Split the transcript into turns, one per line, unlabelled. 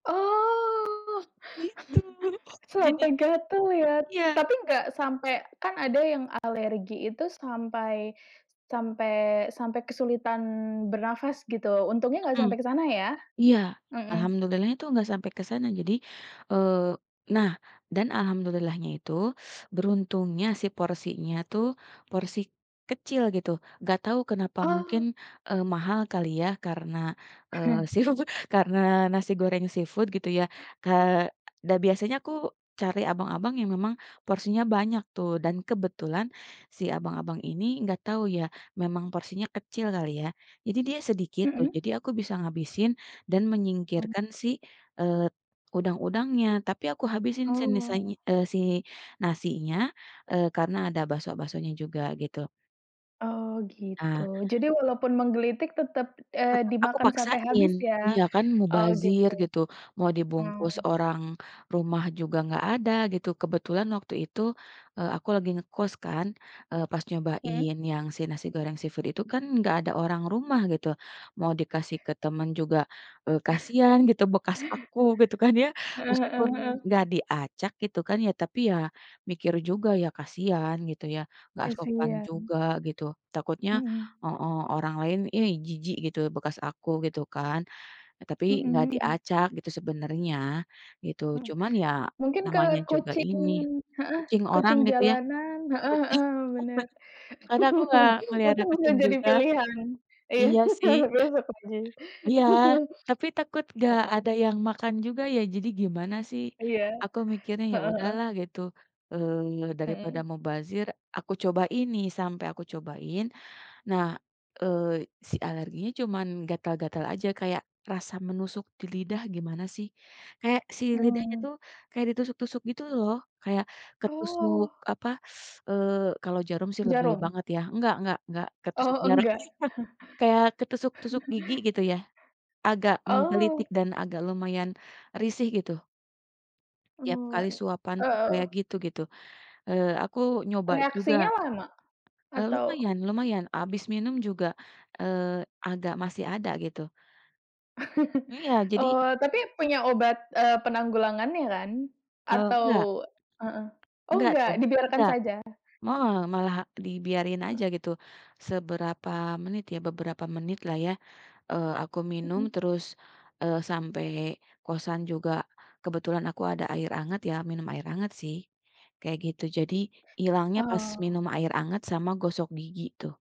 Oh.
Gitu,
Sampai
jadinya
gatal ya.
iya.
Tapi, enggak sampai kan ada yang alergi itu sampai sampai sampai kesulitan bernafas, gitu. Untungnya enggak
Mhm
sampai ke sana ya?
iya.
Mhm.
Alhamdulillahnya tuh enggak sampai ke sana. Jadi, eee nah, dan Alhamdulillahnya itu beruntungnya si porsinya tuh, porsi kecil, gitu. Enggak tahu kenapa mungkin,
Oh.
eee, mahal kali ya karena, eee, seafood karena nasi goreng seafood gitu ya. Ke dah biasanya aku cari abang-abang yang memang porsinya banyak tuh, dan kebetulan si abang-abang ini enggak tahu ya, memang porsinya kecil kali, ya. Jadi, dia sedikit tuh.
Mhm.
Jadi, aku bisa ngabisin dan
Mmm.
menyingkirkan si, eee udang-udangnya. Tapi, aku habisin senisanya
Oh.
eee, si nasinya, eee, karena ada bakso-baksonya juga, gitu.
Oh, gitu.
Nah
Jadi, walaupun menggelitik tetap, eee,
Tetap aku
dimakan sampai habis
paksain
ya?
iya, kan
Oh,
mubazir
gitu.
gitu, mau dibungkus
Mmm.
orang rumah juga enggak ada, gitu. Kebetulan waktu itu, eee, aku lagi ngekos kan, eee, pas
Mhm.
nyobain yang si nasi goreng seafood itu kan, enggak ada orang rumah gitu. Mau dikasih ke teman juga, eee, kasihan gitu bekas aku gitu kan ya.
Heeh heeh
Meskipun
heeh.
enggak diacak gitu kan ya, tapi ya mikir juga ya kasihan, gitu ya. Enggak sopan
Kasihan.
juga, gitu. Takutnya
Mhm.
heeh, orang lain "ih jijik gitu bekas aku," gitu kan. Tapi,
Mhm
enggak
mhm.
diacak gitu sebenarnya, gitu.
Mhm,
Cuman ya,
mungkin ke
namanya juga
kucing
ini
heeh,
kucing orang
kucing
itu ya
jalanan heeh heeh, benar.
karena aku enggak ngeliatnya
Untung enggak
kucing
jadi
juga
pilihan ya.
iya sih. Iya,
[unintelligible]
tapi takut enggak
Heeh.
ada yang makan juga ya. Jadi, gimana sih,
Iya,
aku mikirnya ya
heeh heeh.
udahlah gitu, eee, daripada
Mhm.
mubazir, aku cobain nih, sampai aku cobain. Nah, eee, si alerginya cuman gatal-gatal aja, kayak rasa menusuk di lidah gimana sih. Kayak si lidahnya
Mmm.
tuh, kayak ditusuk-tusuk, gitu loh. Kayak ketusuk
Oh.
apa, eee, kalau jarum sih lebay
Jarum?
banget ya. Enggak enggak enggak ketusuk
Oh,
jarum.
enggak.
Kayak ketusuk-tusuk gigi, gitu ya. Agak menggelitik
Oh.
dan agak lumayan risih, gitu. Tiap
Oh
kali suapan
eee
tuh kayak
heeh.
gitu, gitu. Eee, aku nyoba juga
Reaksinya lama?
eee,
Atau
lumayan lumayan habis minum juga, eee, agak masih ada, gitu. Iya, jadi
Oh, tapi punya obat, eee, penanggulangannya kan?
Eee,
Atau
enggak.
heeh oh
Enggak
enggak,
tuh,
dibiarkan
enggak.
saja?
Me malah dibiarin
Heeh.
aja gitu, seberapa menit ya, beberapa menit lah ya. Eee, aku minum
Mhm.
terus, eee, sampai kosan juga, kebetulan aku ada air hangat, ya minum air hangat sih, kayak gitu. Jadi, ilangnya pas
Oh.
minum air hangat sama gosok gigi tuh.